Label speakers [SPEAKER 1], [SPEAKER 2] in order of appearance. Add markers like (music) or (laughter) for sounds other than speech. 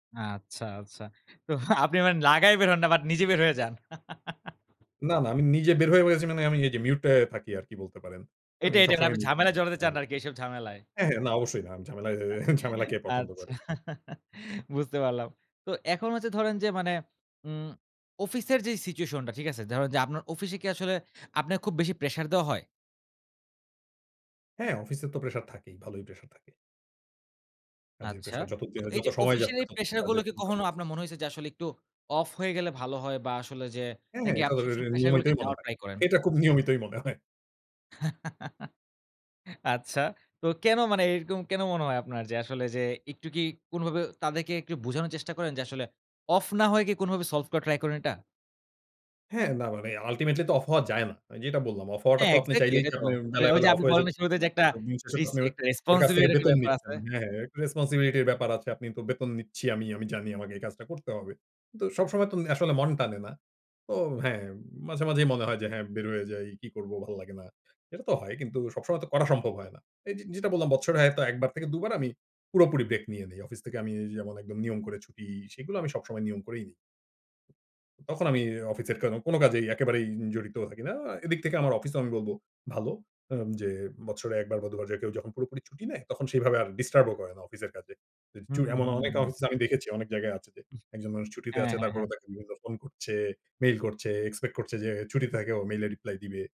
[SPEAKER 1] আচ্ছা, আচ্ছা। তো আপনি মানে লাগায় বের হন না বাট নিজে বের হয়ে যান। (chuckles)
[SPEAKER 2] না, না। আমি নিজে বের হয়ে গেছি মানে আমি এইযে মিউটাই থাকি আরকি বলতে পারেন। আমি
[SPEAKER 1] এটাই, এটাই না
[SPEAKER 2] সবসময়
[SPEAKER 1] আপনি
[SPEAKER 2] মিউটে।
[SPEAKER 1] ঝামেলায় জড়াতে
[SPEAKER 2] (unintelligible)
[SPEAKER 1] চান না আরকি, এইসব ঝামেলায়।
[SPEAKER 2] হ্যাঁ, হ্যাঁ, না, অবশ্যই না। আমি ঝামেলায় এ ঝামেলা কে
[SPEAKER 1] (chuckles)
[SPEAKER 2] পছন্দ
[SPEAKER 1] আচ্ছা।
[SPEAKER 2] করে?
[SPEAKER 1] (chuckles) বুঝতে পারলাম। তো এখন হচ্ছে ধরেন যে মানে উম অফিসের যেই সিচুয়েশনটা, ঠিক আছে? ধরেন যে আপনার অফিসে কি আসলে আপনাকে খুব বেশি প্রেশার দেওয়া হয়?
[SPEAKER 2] হ্যাঁ অফিসে তো প্রেশার থাকেই। ভালোই প্রেশার থাকে। কাজের
[SPEAKER 1] আচ্ছা।
[SPEAKER 2] প্রেশার যত যে
[SPEAKER 1] তো
[SPEAKER 2] যত
[SPEAKER 1] এইযে
[SPEAKER 2] সময় যাচ্ছে
[SPEAKER 1] অফিসিয়ালি
[SPEAKER 2] তত কিন্তু
[SPEAKER 1] প্রেশার গুলো
[SPEAKER 2] কাজের
[SPEAKER 1] কি
[SPEAKER 2] প্রভাব।
[SPEAKER 1] কখনো আপনার মনে হইছে যে আসলে একটু অফ হয়ে গেলে ভালো হয়? বা আসলে যে
[SPEAKER 2] হ্যাঁ, হ্যাঁ।
[SPEAKER 1] নাকি
[SPEAKER 2] এটা
[SPEAKER 1] আপনি
[SPEAKER 2] তো রে রে
[SPEAKER 1] সবসময় প্রেশার গুলোকে
[SPEAKER 2] নিয়মিতই মনে
[SPEAKER 1] নেওয়ার
[SPEAKER 2] হয়।
[SPEAKER 1] ট্রাই করেন।
[SPEAKER 2] এটা খুব নিয়মিতই মনে হয়।
[SPEAKER 1] (chuckles) আচ্ছা। তো কেনো মানে এরকম কেনো মনে হয় আপনার? যে আসলে যে একটু কি কোনোভাবেও তাদেরকে একটু বোঝানোর চেষ্টা করেন যে, আসলে অফ না হয়ে কি কোনোভাবে সলভ করা ট্রাই করেন এটা?
[SPEAKER 2] হ্যাঁ, না মানে আল্টিমেটলি তো অফ হওয়া যায় না। যেটা বললাম, অফ হওয়াটা
[SPEAKER 1] হ্যাঁ
[SPEAKER 2] তো আপনি
[SPEAKER 1] এক্সাক্টলি
[SPEAKER 2] চাইলেই কি
[SPEAKER 1] এটাই তো।
[SPEAKER 2] আপনি বেলায়,
[SPEAKER 1] ওই যে
[SPEAKER 2] বেলায় অফ
[SPEAKER 1] আপনি
[SPEAKER 2] হয়ে যেতে
[SPEAKER 1] বললেন শুরুতে
[SPEAKER 2] পারবেন?
[SPEAKER 1] যে
[SPEAKER 2] আপনি
[SPEAKER 1] একটা
[SPEAKER 2] তো দিন শেষে তো
[SPEAKER 1] রিস্কি
[SPEAKER 2] আপনার
[SPEAKER 1] একটা
[SPEAKER 2] ওর কাছ থেকে
[SPEAKER 1] রেসপনসিবিলিটির একটা
[SPEAKER 2] বেতন
[SPEAKER 1] ব্যাপার
[SPEAKER 2] নিচ্ছেন।
[SPEAKER 1] আছে।
[SPEAKER 2] হ্যাঁ, হ্যাঁ একটু রেসপনসিবিলিটির ব্যাপার আছে, আপনি তো বেতন নিচ্ছি আমি, আমি জানি আমাকে এই কাজটা করতে হবে। তো সবসময় তুম আসলে মন টানে না। তো হ্যাঁ, মাঝে মাঝেই মনে হয় যে হ্যাঁ বের হয়ে যাই, কি করব ভাল লাগে না। এটাতো হয় কিন্তু সবসময় তো করা সম্ভব হয় না। এইযে যেটা বললাম বছরে হয়তো একবার থেকে ২বার আমি পুরাপুরি ব্রেক নিয়ে নেই। অফিস থেকে আমি যেমন একদম নিয়ম করে ছুটি সেগুলো আমি সবসময় নিয়ম করেই নিই। তখন আমি অফিসের কেনো, কোনো কাজেই একেবারেই জড়িত থাকি না। আ এদিক থেকে আমার অফিসেও আমি বলবো ভালো। আম যে বছরে একবার বা দুবার যে কেউ যখন পুরোপুরি ছুটি নেয় তখন সেভাবে আর ডিস্টার্বও করে না অফিসের কাজে। যে
[SPEAKER 1] হুম,
[SPEAKER 2] চুড়
[SPEAKER 1] হুম,
[SPEAKER 2] এমন অনেক
[SPEAKER 1] হুম।
[SPEAKER 2] অফিস আমি দেখেছি অনেক জায়গায় আছে যে একজন মানুষ ছুটিতে
[SPEAKER 1] হ্যাঁ,
[SPEAKER 2] আছে
[SPEAKER 1] হ্যাঁ,
[SPEAKER 2] তারপরও
[SPEAKER 1] হ্যাঁ।
[SPEAKER 2] তাকে দুবার ফোন করছে, মেইল করছে, এক্সপেক্ট করছে যে ছুটি থেকেও মেইল এ রিপ্লাই দিবে।